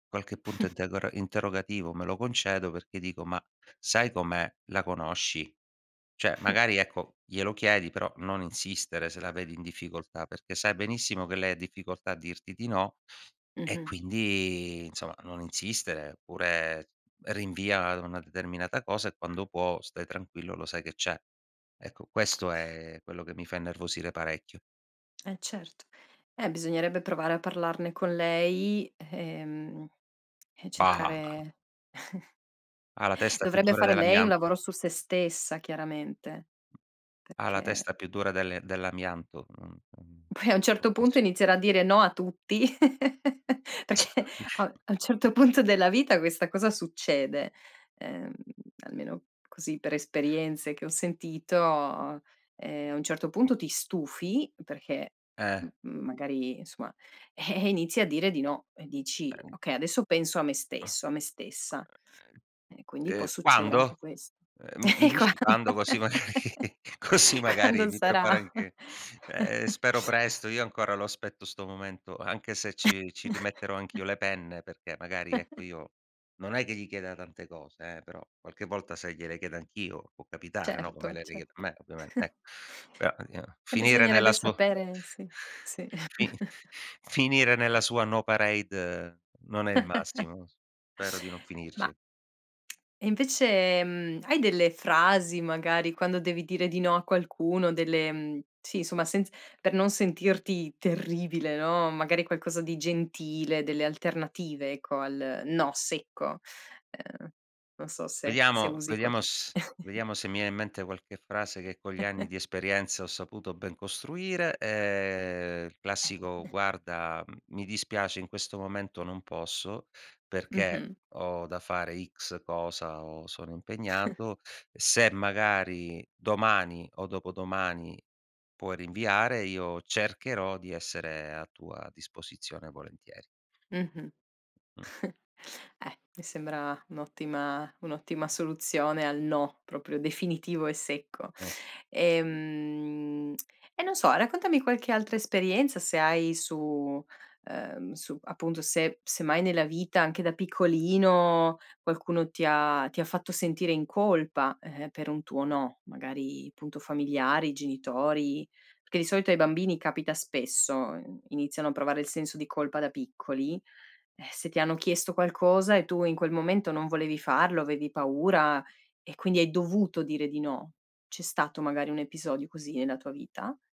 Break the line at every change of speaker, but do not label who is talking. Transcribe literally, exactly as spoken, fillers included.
Qualche punto integora interrogativo me lo concedo perché dico: "Ma sai com'è, la conosci. ceh, magari ecco, glielo chiedi, però non insistere se la vedi in difficoltà, perché sai benissimo che lei difficoltà a dirti di no e
Mh-mh.
quindi insomma, non insistere, oppure rinvia a una determinata cosa e quando può stai tranquillo, lo sai che c'è." Ecco, questo è quello che mi fa innervosire parecchio.
Eh certo. Eh, bisognerebbe provare a parlarne con lei, ehm, e
Bah
cercare
Ha la testa più
dovrebbe
dura
fare lei un
dell'amianto
lavoro su se stessa chiaramente,
ha la
perché
testa più dura delle dell'amianto, mhmm, mhmm,
poi a un
non
certo punto
funzio
inizierà a dire no a tutti, perché
[unintelligible]
a un a un certo punto della vita questa cosa succede, ehm, almeno così per esperienze che ho sentito, ehm, a un certo punto ti
Mh-mh.
stufi, perché,
Eh.
mhmm, magari insomma, eh, inizi a dire di no e dici:
Ehm
"Okay, adesso penso a me
Ah.
stesso, a me stessa." E quindi
Uhm,
può
ehm,
succedere anche
quando?
questo.
Ehm, mi mi
E quando?
dici quando, così magari così magari
Quando
mi
sarà?
preparo anche ehm, spero presto, io ancora lo aspetto 'sto momento, anche se ci ci rimetterò anch'io le penne, perché magari ecco io, non è che gli chieda tante cose eh, però qualche volta, sai, gliele chiedo anch'io, può capitare, no, come
Certo,
lei le chiede a
certo.
me ovviamente, eh, però io
E
finire nella
bisognerebbe
su
sapere sì, sì.
fini finire nella sua no parade non è il massimo. Spero di non
Ma
finirci.
e invece, mhmm, hai delle frasi magari quando devi dire di no a qualcuno? Delle sì somma, senz per non sentirti terribile, no, magari qualcosa di gentile, delle alternative ecco al "no" secco? Uhm, non so se se
Vediamo
usi
vediamo
qualche
s vediamo se mi viene in mente qualche frase che con gli anni di esperienza ho saputo ben costruire, ehm, il classico: "Guarda, mi dispiace in questo momento non posso, perché
Mh-mh.
ho da fare X cosa o sono impegnato. Se magari domani o dopodomani puoi rinviare, io cercherò di essere a tua disposizione volentieri."
Mh-mh.
Mh.
Eh, mi sembra un'ottima un'ottima soluzione al no, proprio definitivo e secco.
Eh.
Ehm, e non so, raccontami qualche altra esperienza se hai su ehm, su appunto, se se mai nella vita, anche da piccolino, qualcuno ti ha ti ha fatto sentire in colpa eh, per un tuo no, magari punto familiari, genitori, perché di solito ai bambini capita spesso, uhm, iniziano a provare il senso di colpa da piccoli, eh, se ti hanno chiesto qualcosa e tu in quel momento non volevi farlo, avevi paura e quindi hai dovuto dire di no. C'è stato magari un episodio così nella tua vita?